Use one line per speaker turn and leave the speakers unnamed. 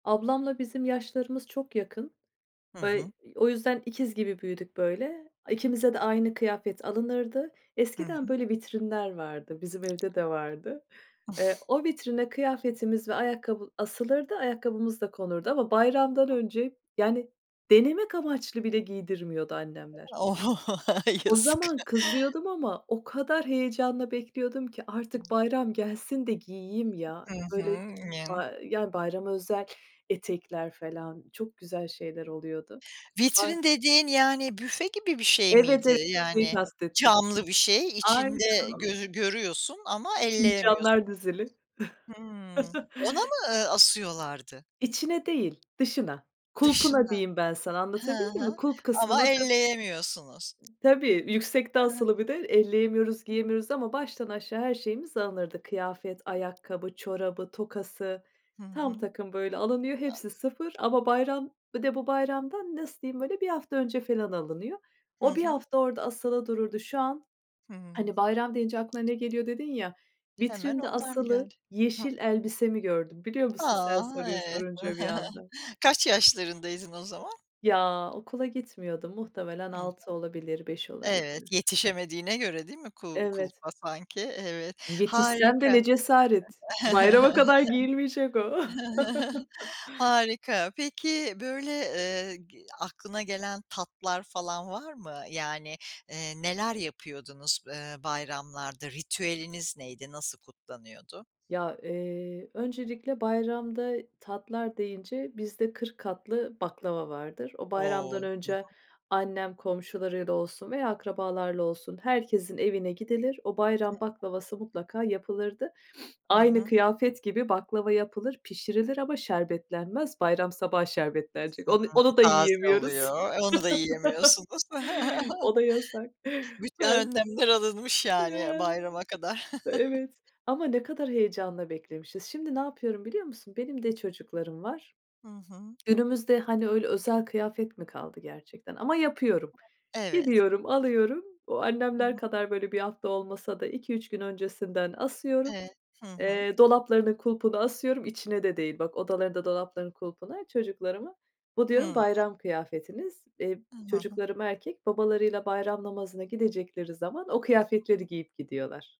Ablamla bizim yaşlarımız çok yakın
Hı
ve
hı.
ı o yüzden ikiz gibi büyüdük böyle, ikimize de aynı kıyafet alınırdı.
Hı
Eskiden,
hı.
böyle, vitrinler vardı, bizim evde de vardı. Eee, o vitrine kıyafetimiz ve ayakkabı asılırdı, ayakkabımız da konurdu ama bayramdan
Hı.
önce, yani, denemek amaçlı bile giydirmiyordu annemler.
O
O
yazık.
zaman kızıyordum ama o kadar heyecanla bekliyordum ki, artık
[unintelligible]
bayram gelsin de giyeyim ya.
Hı
Böyle
hı, Ya.
ba yani bayrama özel etekler falan, çok güzel şeyler oluyordu. Ay.
Vitrin dediğin, yani büfe gibi bir şey
Evet,
miydi?
evet şeyi
Yani,
kastettim.
camlı bir şey, içinde
Aynen o.
gözü görüyorsun ama elleyemiyorsun.
Fincanlar dizili.
Hımm. Ona mı, eee, asıyorlardı?
İçine değil, dışına, kulpuna
Dışına,
diyeyim ben sana
hı
anlatabildim mi
hı,
kulp kısmı
ama
nasıl
elleyemiyorsunuz.
Tabii, yüksekte
Hı hı.
asılı bir de
Hı
elleyemiyoruz,
hı.
giyemiyoruz ama, baştan aşağı her şeyimiz alınırdı. Kıyafet,
Hı hı.
ayakkabı, çorabı tokası,
Hı
tam
hı.
takım böyle alınıyor,
A
hepsi sıfır ama bayram bir de bu bayramdan, nasıl diyeyim böyle, 1 hafta önce falan alınıyor.
Hı
O 1
hı.
hafta orada asılı dururdu. Şu an,
Hıı.
hani, bayram deyince aklına ne geliyor dedin ya.
Hemen
Vitrinde
onlar mı
asılı
geldi? Hı hı.
yeşil elbisemi gördüm, biliyor
A!
musun? Sen soruyu
Eee,
sorunca bir anda.
kaç yaşlarındaydın o zaman?
Ya, okula gitmiyordum. Muhtemelen
Hı hı.
6 olabilir, 5
Evet
olabilir.
yetişemediğine göre değil mi kul
Evet.
kulpa sanki? Evet
Yetişsem de
harika.
ne cesaret, bayrama kadar giyilmeyecek o.
Harika. Peki, böyle, eee, g. aklına gelen tatlar falan var mı? Yani, eee, neler yapıyordunuz, eee, bayramlarda? Ritüeliniz neydi? Nasıl kutlanıyordu?
Ya, eee, öncelikle bayramda tatlar deyince bizde 40 katlı baklava vardır. O,
O!
bayramdan
Hı hı.
önce annem, komşularıyla olsun veya akrabalarla olsun, herkesin evine gidilir. O
Hı
bayram
hı.
baklavası mutlaka yapılırdı.
Hı
Aynı
hı.
kıyafet gibi, baklava yapılır, pişirilir ama şerbetlenmez. Bayram sabahı şerbetlenecek. Onu
Hımm
onu da
taze
yiyemiyoruz.
oluyor, e, onu da yiyemiyorsunuz.
O da yasak.
Bütün
Yani
önlemler alınmış yani
Ya.
bayrama kadar.
Evet, ama ne kadar heyecanla beklemişiz. Şimdi ne yapıyorum biliyor musun? Benim de çocuklarım var.
Hı hı.
Günümüzde, hani, öyle özel kıyafet mi kaldı gerçekten ama yapıyorum.
Evet.
Gidiyorum, alıyorum o,
Hı
annemler
hı.
kadar, böyle, 1 hafta olmasa da, 2-3 gün öncesinden asıyorum,
Evet. Hı hı.
eee, dolaplarının kulpuna asıyorum, içine de değil bak, odalarında dolaplarının kulpuna çocuklarımın, bu diyorum,
Hıı.
"Bayram kıyafetiniz." iii,
I hı hı.
çocuklarım erkek, babalarıyla bayram namazına gidecekleri zaman, o kıyafetleri giyip gidiyorlar.